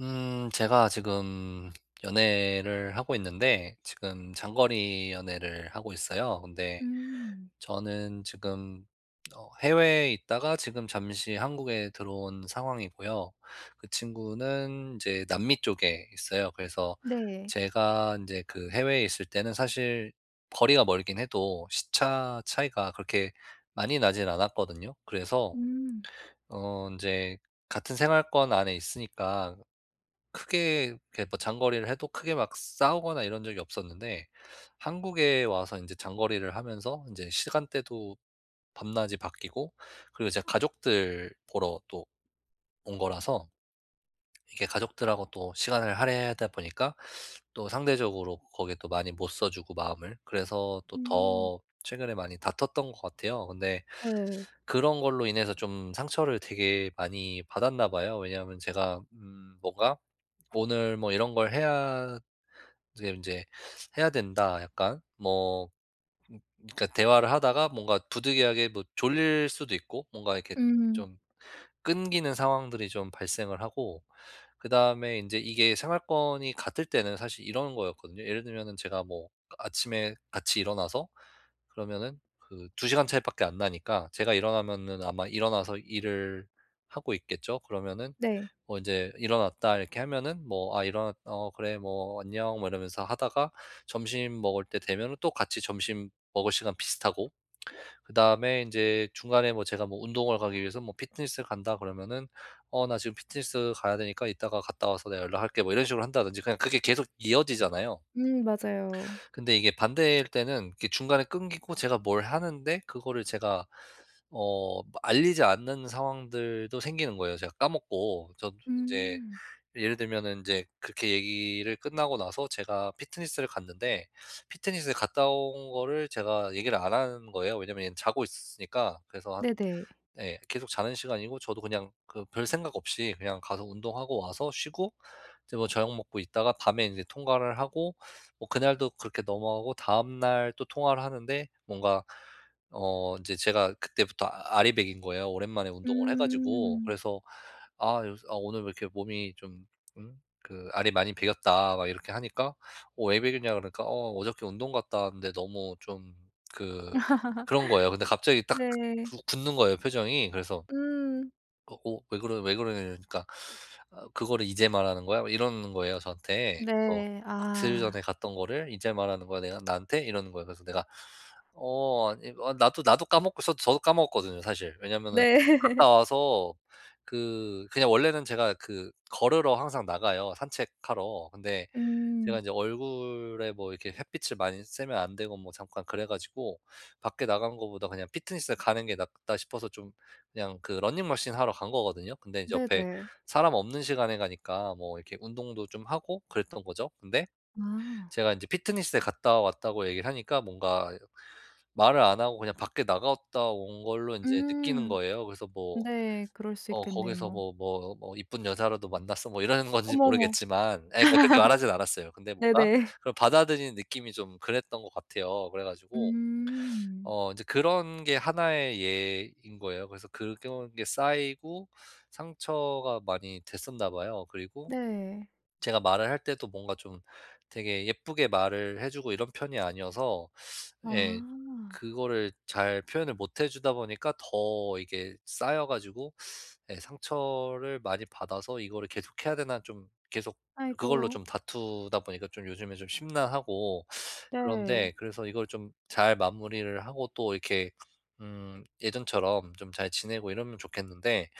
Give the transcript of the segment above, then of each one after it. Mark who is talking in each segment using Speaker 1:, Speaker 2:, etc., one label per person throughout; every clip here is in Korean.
Speaker 1: 음 제가 지금 연애를 하고 있는데 지금 장거리 연애를 하고 있어요. 근데
Speaker 2: 음.
Speaker 1: 저는 지금 어 해외에 있다가 지금 잠시 한국에 들어온 상황이고요. 그 친구는 이제 남미 쪽에 있어요. 그래서
Speaker 2: 네.
Speaker 1: 제가 인제 그 해외에 있을 때는 사실 거리가 멀긴 해도 시차 차이가 그렇게 많이 나진 않았거든요. 그래서
Speaker 2: 음.
Speaker 1: 어 인제 같은 생활권 안에 있으니까 크게 이렇게 뭐 장거리를 해도 크게 막 싸우거나 이런 적이 없었는데 한국에 와서 인제 장거리를 하면서 인제 시간대도 밤낮이 바뀌고 그리고 이제 가족들 보러 또 온 거라서 이게 가족들하고 또 시간을 할애하다 보니까 또 상대적으로 거기에 또 많이 못 써 주고, 마음을. 그래서 또
Speaker 2: 음.
Speaker 1: 더 최근에 많이 다퉜던 것 같아요. 근데
Speaker 2: 네.
Speaker 1: 그런 걸로 인해서 좀 상처를 되게 많이 받았나 봐요. 왜냐하면 제가 음 뭔가 "오늘 뭐 이런 걸 해야" 지금 인제 "해야 된다." 약간 뭐 그니까 대화를 하다가 뭔가 부득이하게 뭐 졸릴 수도 있고 뭔가 이렇게
Speaker 2: 음.
Speaker 1: 좀 끊기는 상황들이 좀 발생을 하고 그다음에 인제 이게 생활권이 같을 때는 사실 이런 거였거든요. 예를 들면은 제가 뭐 아 아침에 같이 일어나서 그러면은 그 2 시간 차이밖에 안 나니까 제가 일어나면은 아마 일어나서 일을 하고 있겠죠. 그러면은
Speaker 2: 네.
Speaker 1: 뭐 "인제 일어났다." 이렇게 하면은 뭐 "아, 일어나 어 그래." 뭐 "안녕." 뭐 이러면서 하다가 점심 먹을 때 되면은 또 같이 점심 먹을 시간 비슷하고. 그다음에 인제 중간에 뭐 제가 뭐 운동을 가기 위해서 뭐 피트니스 간다 그러면은 "어, 나 지금 피트니스 가야 되니까 이따가 갔다 와서 내가 연락할게." 뭐 이런 식으로 한다든지 그냥 그게 계속 이어지잖아요.
Speaker 2: 음 맞아요.
Speaker 1: 근데 이게 반대일 때는 이게 중간에 끊기고 제가 뭘 하는데 그거를 제가 어 알리지 않는 상황들도 생기는 거예요, 제가 까먹고. 저도 인제
Speaker 2: 음.
Speaker 1: 이 예를 들면은 인제 그렇게 얘기를 끝나고 나서 제가 피트니스를 갔는데 피트니스를 갔다 온 거를 제가 얘기를 안 한 거예요. 왜냐면 얘는 자고 있으니까. 그래서 한
Speaker 2: 네네.
Speaker 1: 네, 계속 자는 시간이고 저도 그냥 그 별생각 없이 그냥 가서 운동하고 와서 쉬고 이제 뭐 저녁 먹고 있다가 밤에 인제 통화를 하고 뭐 그날도 그렇게 넘어가고 다음 날 또 통화를 하는데 뭔가 어, 인제 제가 그때부터 아 알이 배긴 거예요. 오랜만에 운동을 해 가지고.
Speaker 2: 음.
Speaker 1: 그래서 아, 요새 "아, 오늘 왜 이렇게 몸이 좀 음? 그 알이 많이 배겼다." 막 이렇게 하니까 "어, 왜 배겼냐?"고 그러니까 "어, 어저께 운동 갔다 왔는데 너무 좀 그" 그런 거예요. 근데 갑자기 딱
Speaker 2: 네.
Speaker 1: 구 굳는 거예요, 표정이. 그래서
Speaker 2: 음.
Speaker 1: "어 어, 왜 그러 왜 그러냐." 이러니까 아 "그거를 이제 말하는 거야?" 막 이러는 거예요, 저한테. 그래서
Speaker 2: 네,
Speaker 1: "이틀
Speaker 2: 아.
Speaker 1: 전에 갔던 거를 이제 말하는 거야. 내가 나한테?" 이러는 거예요. 그래서 내가 "어, 아 이 어 나도 나도 까먹고" 저 저도 까먹었거든요, 사실. 왜냐면은
Speaker 2: 네.
Speaker 1: 갔다 와서 그 그냥 원래는 제가 그 걸으러 항상 나가요, 산책하러. 근데 제가
Speaker 2: 음.
Speaker 1: 인제 얼굴에 뭐 이렇게 햇빛을 많이 쐬면 안 되고 뭐 잠깐 그래 가지고 '밖에 나간 것보다 그냥 피트니스를 가는 게 낫다.' 싶어서 좀 그냥 그 러닝머신 하러 간 거거든요. 근데 이제 옆에
Speaker 2: 네네.
Speaker 1: 사람 없는 시간에 가니까 뭐 이렇게 운동도 좀 하고 그랬던 거죠. 근데
Speaker 2: 아.
Speaker 1: 제가 인제 피트니스에 갔다 왔다고 얘기를 하니까 뭔가 말을 안 하고 그냥 밖에 나갔다 온 걸로 인제 느끼는
Speaker 2: 음.
Speaker 1: 거예요. 그래서 뭐
Speaker 2: 네, 그럴 수
Speaker 1: 어 거기서
Speaker 2: 있겠네요.
Speaker 1: 뭐 뭐 뭐 "이쁜 여자라도 만났어?" 뭐 이러는 건지
Speaker 2: 어머머.
Speaker 1: 모르겠지만 예, 그러니까 그렇게 말하진 않았어요. 근데 뭔가
Speaker 2: 네네.
Speaker 1: 그걸 받아들이는 느낌이 좀 그랬던 것 같아요. 그래 가지고
Speaker 2: 음.
Speaker 1: 어 인제 그런 게 하나의 예인 거예요. 그래서 그런 게 쌓이고 상처가 많이 됐었나 봐요. 그리고
Speaker 2: 네.
Speaker 1: 제가 말을 할 때도 뭔가 좀 되게 예쁘게 말을 해 주고 이런 편이 아니어서 예.
Speaker 2: 아.
Speaker 1: 그거를 잘 표현을 못 해 주다 보니까 더 이게 쌓여 가지고 예, 상처를 많이 받아서 이거를 계속해야 되나 좀 계속 그걸로
Speaker 2: 아이고.
Speaker 1: 좀 다투다 보니까 좀 요즘에 좀 심란하고
Speaker 2: 네.
Speaker 1: 그런데 그래서 이걸 좀 잘 마무리를 하고 또 이렇게 음 예전처럼 좀 잘 지내고 이러면 좋겠는데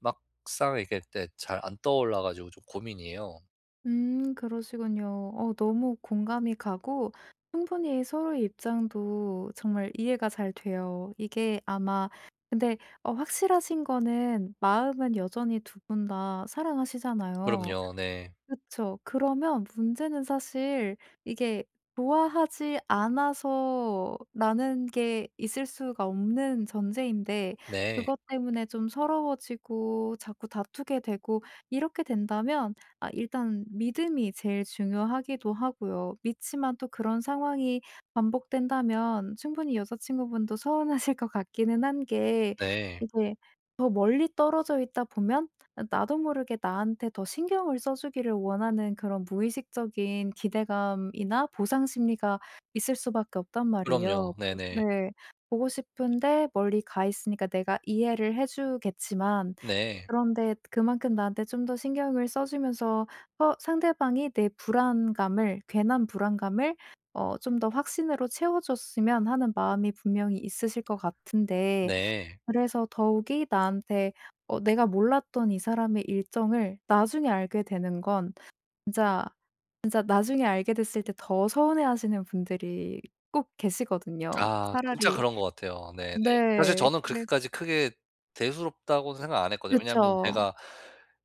Speaker 1: 막상 이렇게 또 잘 안 떠올라 가지고 좀 고민이에요.
Speaker 2: 음 그러시군요. 어 너무 공감이 가고 충분히 서로의 입장도 정말 이해가 잘 돼요. 이게 아마 근데 어 확실하신 거는 마음은 여전히 2 분 다 사랑하시잖아요.
Speaker 1: 그럼요. 네.
Speaker 2: 그쵸. 그러면 문제는 사실 이게 '좋아하지 않아서.'라는 게 있을 수가 없는 전제인데
Speaker 1: 네.
Speaker 2: 그것 때문에 좀 서러워지고 자꾸 다투게 되고 이렇게 된다면 아 일단 믿음이 제일 중요하기도 하고요. 믿지만 또 그런 상황이 반복된다면 충분히 여자친구분도 서운하실 것 같기는 한 게
Speaker 1: 네.
Speaker 2: 이게 더 멀리 떨어져 있다 보면 아 나도 모르게 나한테 더 신경을 써 주기를 원하는 그런 무의식적인 기대감이나 보상 심리가 있을 수밖에 없단 말이에요.
Speaker 1: 그럼요.
Speaker 2: 보
Speaker 1: 네네.
Speaker 2: 네. 보고 싶은데 멀리 가 있으니까 내가 이해를 해 주겠지만
Speaker 1: 네.
Speaker 2: 그런데 그만큼 나한테 좀 더 신경을 써 주면서 어 상대방이 내 불안감을, 괜한 불안감을 어 좀 더 확신으로 채워 줬으면 하는 마음이 분명히 있으실 것 같은데
Speaker 1: 네.
Speaker 2: 그래서 더욱이 나한테 어 내가 몰랐던 이 사람의 일정을 나중에 알게 되는 건 진짜 진짜 나중에 알게 됐을 때 더 서운해하시는 분들이 꼭 계시거든요.
Speaker 1: 아 진짜
Speaker 2: 차라리
Speaker 1: 그런 것 같아요. 네 네. 사실
Speaker 2: 네.
Speaker 1: 저는
Speaker 2: 그래
Speaker 1: 그렇게까지 크게 대수롭다고 생각 안 했거든요. 왜냐하면
Speaker 2: 그쵸.
Speaker 1: 제가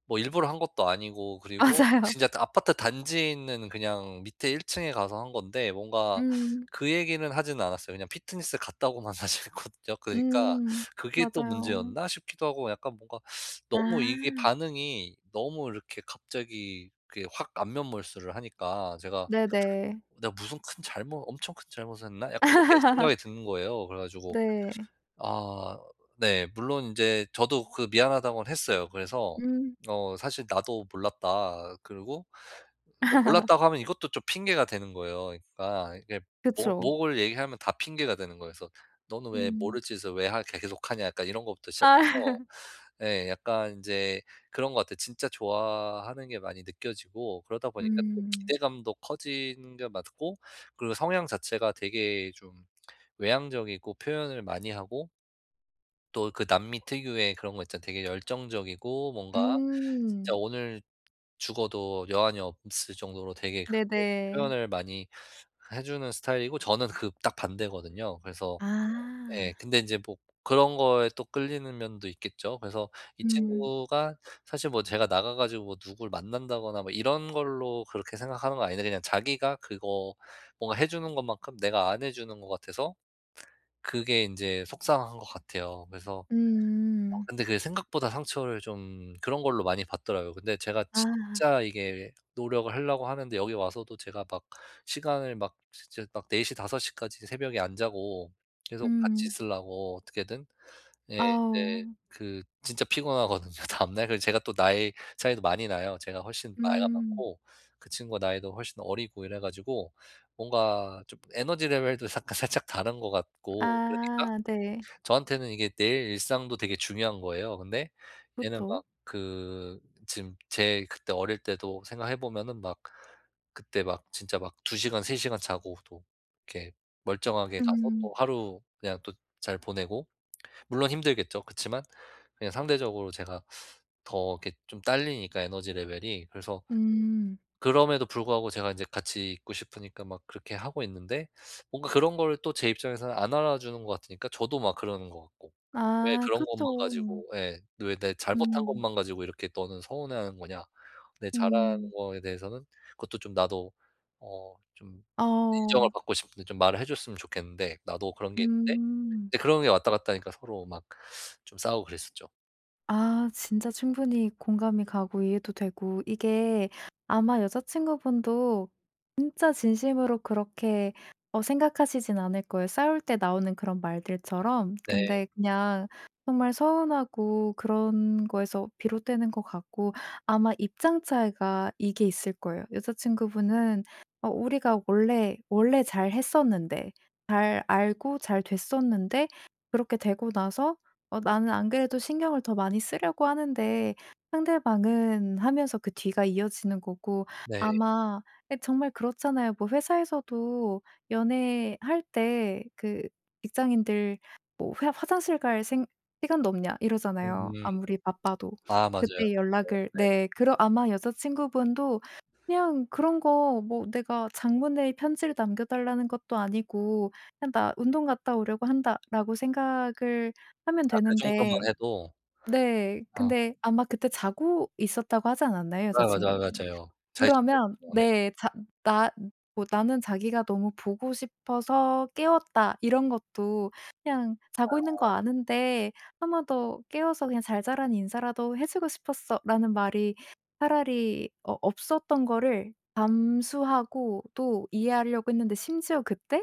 Speaker 1: 뭐 일부러 한 것도 아니고 그리고
Speaker 2: 맞아요.
Speaker 1: 진짜 그 아파트 단지에 있는 그냥 밑에 1 층에 가서 한 건데 뭔가
Speaker 2: 음.
Speaker 1: 그 얘기는 하진 않았어요. 왜냐면 피트니스 갔다고만 사실 했거든요. 그러니까
Speaker 2: 음.
Speaker 1: '그게 또
Speaker 2: 맞아요.
Speaker 1: 문제였나?' 싶기도 하고 약간 뭔가 너무 이게
Speaker 2: 아.
Speaker 1: 반응이 너무 이렇게 갑자기 그게 확 안면 몰수를 하니까 제가
Speaker 2: 네네.
Speaker 1: '나 무슨 큰 잘못 엄청 큰 잘못을 했나?' 약간 이렇게 생각이 드는 거예요. 그래 가지고
Speaker 2: 네.
Speaker 1: 아 네. 물론 인제 저도 그 미안하다고는 했어요. 그래서
Speaker 2: 음.
Speaker 1: 어 "사실 나도 몰랐다." 그리고 사실 이거 몰랐다고 하면 이것도 좀 핑계가 되는 거예요. 그러니까 이게 뭐
Speaker 2: 그쵸.
Speaker 1: 뭐를 얘기하면 다 핑계가 되는 거예요. 그래서 '너는 왜
Speaker 2: 음.
Speaker 1: 모를 짓을 왜 하 계 계속 하냐?' 약간 이런 거부터 시작해서
Speaker 2: 아.
Speaker 1: 예. 약간 인제 그런 것 같아요. 진짜 좋아하는 게 많이 느껴지고 그러다 보니까 또
Speaker 2: 음.
Speaker 1: 기대감도 커지는 게 맞고 그리고 성향 자체가 되게 좀 외향적이고 표현을 많이 하고 또 그 남미 특유의 그런 거 있잖아요. 되게 열정적이고 뭔가 진짜
Speaker 2: 음.
Speaker 1: 오늘 죽어도 여한이 없을 정도로 되게 그렇게
Speaker 2: 네네.
Speaker 1: 표현을 많이 해 주는 스타일이고 저는 그 딱 반대거든요. 그래서 예
Speaker 2: 아.
Speaker 1: 근데 인제 뭐 그런 거에 또 끌리는 면도 있겠죠. 그래서 이
Speaker 2: 음.
Speaker 1: 친구가 사실 뭐 제가 나가 가지고 뭐 누굴 만난다거나 뭐 이런 걸로 그렇게 생각하는 건 아닌데 그냥 자기가 그거 뭔가 해 주는 것만큼 내가 안 해 주는 것 같아서 그게 인제 속상한 것 같아요. 그래서
Speaker 2: 음.
Speaker 1: 근데 그게 생각보다 상처를 좀 그런 걸로 많이 받더라고요. 근데 제가
Speaker 2: 아.
Speaker 1: 진짜 이게 노력을 하려고 하는데 여기 와서도 제가 막 시간을 막 진짜 막 04:00 05:00 까지 새벽에 안 자고 계속 같이
Speaker 2: 음.
Speaker 1: 있으려고 어떻게든. 예. 근데
Speaker 2: 아우.
Speaker 1: 그 진짜 피곤하거든요 다음날. 그래서 제가 또 나이 차이도 많이 나요. 제가 훨씬 나이가
Speaker 2: 음.
Speaker 1: 많고. 그 친구가 나이도 훨씬 어리고 이래 가지고 뭔가 좀 에너지 레벨도 사 살짝 다른 것 같고 그러니까
Speaker 2: 아 네.
Speaker 1: 저한테는 이게 내 일상도 되게 중요한 거예요. 근데 얘는 막
Speaker 2: 그렇죠.
Speaker 1: 그 지금 제 그때 어릴 때도 생각해 보면은 막 그때 막 진짜 막 2 시간, 3 시간 자고 또 이렇게 멀쩡하게 가서
Speaker 2: 음.
Speaker 1: 또 하루 그냥 또 잘 보내고. 물론 힘들겠죠. 그치만 그냥 상대적으로 제가 더 이렇게 좀 달리니까, 에너지 레벨이. 그래서
Speaker 2: 음.
Speaker 1: 그럼에도 불구하고 제가 인제 같이 있고 싶으니까 막 그렇게 하고 있는데 뭔가 그런 걸 또 제 입장에서는 안 알아 주는 것 같으니까 저도 막 그러는 것 같고. '왜
Speaker 2: 아
Speaker 1: 그런 것만
Speaker 2: 그렇죠.
Speaker 1: 가지고' 예. '왜 내 잘못한
Speaker 2: 음.
Speaker 1: 것만 가지고 이렇게 너는 서운해하는 거냐.' 근데 잘하는
Speaker 2: 음.
Speaker 1: 거에 대해서는 그것도 좀 나도 어 좀 인정을
Speaker 2: 어.
Speaker 1: 받고 싶은데 좀 말을 해 줬으면 좋겠는데. 나도 그런 게 있는데.
Speaker 2: 음.
Speaker 1: 이제 그런 게 왔다 갔다 하니까 서로 막 좀 싸우고 그랬었죠.
Speaker 2: 아 진짜 충분히 공감이 가고 이해도 되고 이게 아마 여자친구분도 진짜 진심으로 그렇게 어 생각하시진 않을 거예요, 싸울 때 나오는 그런 말들처럼.
Speaker 1: 네.
Speaker 2: 근데 그냥 정말 서운하고 그런 거에서 비롯되는 것 같고 아마 입장 차이가 이게 있을 거예요. 여자친구분은 '어 우리가 원래, 원래 잘 했었는데 잘 알고 잘 됐었는데 그렇게 되고 나서 어 나는 안 그래도 신경을 더 많이 쓰려고 하는데 상대방은' 하면서 그 뒤가 이어지는 거고
Speaker 1: 네.
Speaker 2: 아마 예 정말 그렇잖아요. 뭐 회사에서도 연애할 때 그 직장인들 뭐 회사 화장실 갈 생 시간도 없냐 이러잖아요,
Speaker 1: 음.
Speaker 2: 아무리 바빠도.
Speaker 1: 아 맞아요.
Speaker 2: 그때
Speaker 1: 그쵸
Speaker 2: 연락을
Speaker 1: 네.
Speaker 2: 네. 그러 아마 여자친구분도 그냥 그런 거 뭐 내가 장문의 편지를 남겨달라는 것도 아니고 그냥 나 운동 갔다 오려고 한다라고 생각을 하면
Speaker 1: 아 그 정도만
Speaker 2: 되는데
Speaker 1: 해도
Speaker 2: 네,
Speaker 1: 아.
Speaker 2: 근데 아마 그때 자고 있었다고 하지 않았나요,
Speaker 1: 아 맞아
Speaker 2: 여자친구분?
Speaker 1: 맞아요. 잘
Speaker 2: 그러면
Speaker 1: 지냈죠. 네.
Speaker 2: 네 자 나 뭐 나는 자기가 너무 보고 싶어서 깨웠다. 이런 것도 그냥 자고 있는 거
Speaker 1: 아.
Speaker 2: 아는데 1 번 더 깨워서 그냥 잘 자란 인사라도 해주고 싶었어 라는 말이 차라리 어 없었던 거를 감수하고 또 이해하려고 했는데 심지어 그때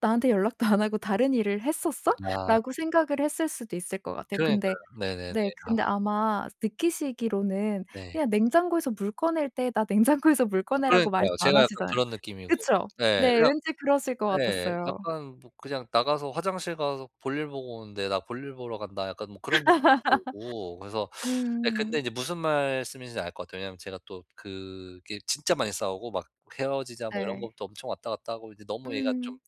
Speaker 2: '나한테 연락도 안 하고 다른 일을 했었어?'
Speaker 1: 아.
Speaker 2: 라고 생각을 했을 수도 있을 것 같아요.
Speaker 1: 그러니까요.
Speaker 2: 근데
Speaker 1: 네네네.
Speaker 2: 네,
Speaker 1: 아.
Speaker 2: 근데 아마 느끼시기로는
Speaker 1: 네.
Speaker 2: 그냥 냉장고에서 물 꺼낼 때 나 냉장고에서 물
Speaker 1: 아
Speaker 2: 꺼내라고 말씀
Speaker 1: 그러니까요,
Speaker 2: 안
Speaker 1: 제가 약간
Speaker 2: 하시잖아요.
Speaker 1: 그런 느낌이고.
Speaker 2: 그쵸?
Speaker 1: 네,
Speaker 2: 네,
Speaker 1: 그냥
Speaker 2: 왠지 그러실 것
Speaker 1: [unintelligible] 네
Speaker 2: 같았어요.
Speaker 1: 약간 뭐 그냥 나가서 화장실 가서 볼일 보고 오는데 '나 볼일 보러 간다.' 약간 뭐 그런 느낌이 들고 그래서 네 근데
Speaker 2: 음.
Speaker 1: 이제 무슨 말씀인지 알 것 같아요. 왜냐하면 제가 또 그게 진짜 많이 싸우고 막 헤어지자 뭐 이런
Speaker 2: 네.
Speaker 1: 것도 엄청 왔다 갔다 하고 이제 너무 얘가 좀
Speaker 2: 음.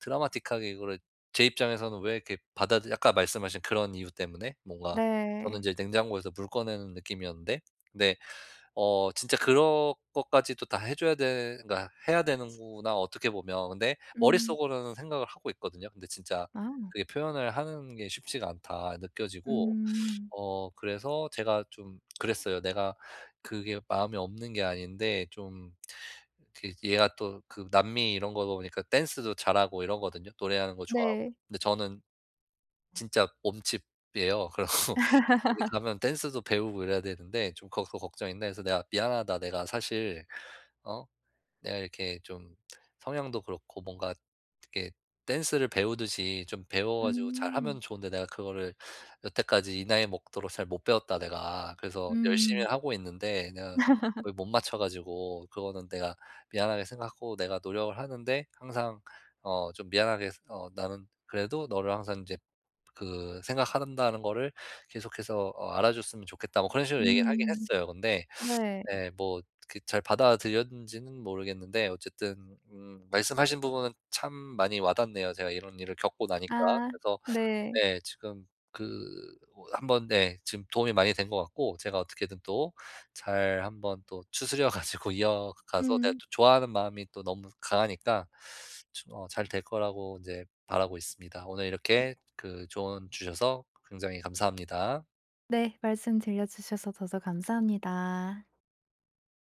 Speaker 1: 드라마틱하게 이거를 제 입장에서는 왜 이렇게 받아 들 아까 말씀하신 그런 이유 때문에 뭔가 저는
Speaker 2: 네.
Speaker 1: 이제 냉장고에서 물 꺼내는 느낌이었는데 네 어 진짜 그런 것까지도 다 해 줘야 되 그러니까 해야 되는구나, 어떻게 보면. 근데
Speaker 2: 음.
Speaker 1: 머릿속으로는 생각을 하고 있거든요. 근데 진짜
Speaker 2: 아.
Speaker 1: 그게 '표현을 하는 게 쉽지가 않다.' 느껴지고
Speaker 2: 음.
Speaker 1: 어 그래서 제가 좀 그랬어요. 내가 그게 마음에 없는 게 아닌데 좀 그 얘가 또 그 남미 이런 거다 보니까 댄스도 잘하고 이러거든요, 노래하는 거 좋아하고.
Speaker 2: 네.
Speaker 1: 근데 저는 진짜 몸치예요. 그러고 이렇게 가면 댄스도 배우고 이래야 되는데 좀 거 걱정인데 그래서 내가 "미안하다. 내가 사실 어 내가 이렇게 좀 성향도 그렇고 뭔가 이렇게 댄스를 배우듯이 좀 배워 가지고
Speaker 2: 음.
Speaker 1: 잘하면 좋은데 내가 그거를 여태까지 이 나이 먹도록 잘 못 배웠다, 내가. 그래서
Speaker 2: 음.
Speaker 1: 열심히는 하고 있는데 내가 못 맞춰 가지고 그거는 내가 미안하게 생각하고 내가 노력을 하는데 항상 어 좀 미안하게 어 나는 그래도 너를 항상 이제 그 생각하는 다는 것을 계속해서 어 알아줬으면 좋겠다." 뭐 그런 식으로 얘기를 하긴
Speaker 2: 음.
Speaker 1: 했어요. 근데
Speaker 2: 네.
Speaker 1: 네 뭐 그 잘 받아들였는지는 모르겠는데 어쨌든 음 말씀하신 부분은 참 많이 와닿네요, 제가 이런 일을 겪고 나니까.
Speaker 2: 아.
Speaker 1: 그래서
Speaker 2: 네.
Speaker 1: 네 지금 그 뭐 한번 네 지금 도움이 많이 된 것 같고, 제가 어떻게든 또 잘 한번 또 추스려 가지고 이어가서 내가
Speaker 2: 음.
Speaker 1: 또 좋아하는 마음이 또 너무 강하니까 저 어 잘 될 거라고 이제 바라고 있습니다. 오늘
Speaker 2: 음.
Speaker 1: 이렇게 그 조언 주셔서 굉장히 감사합니다.
Speaker 2: 네. 말씀 들려주셔서 저도 감사합니다.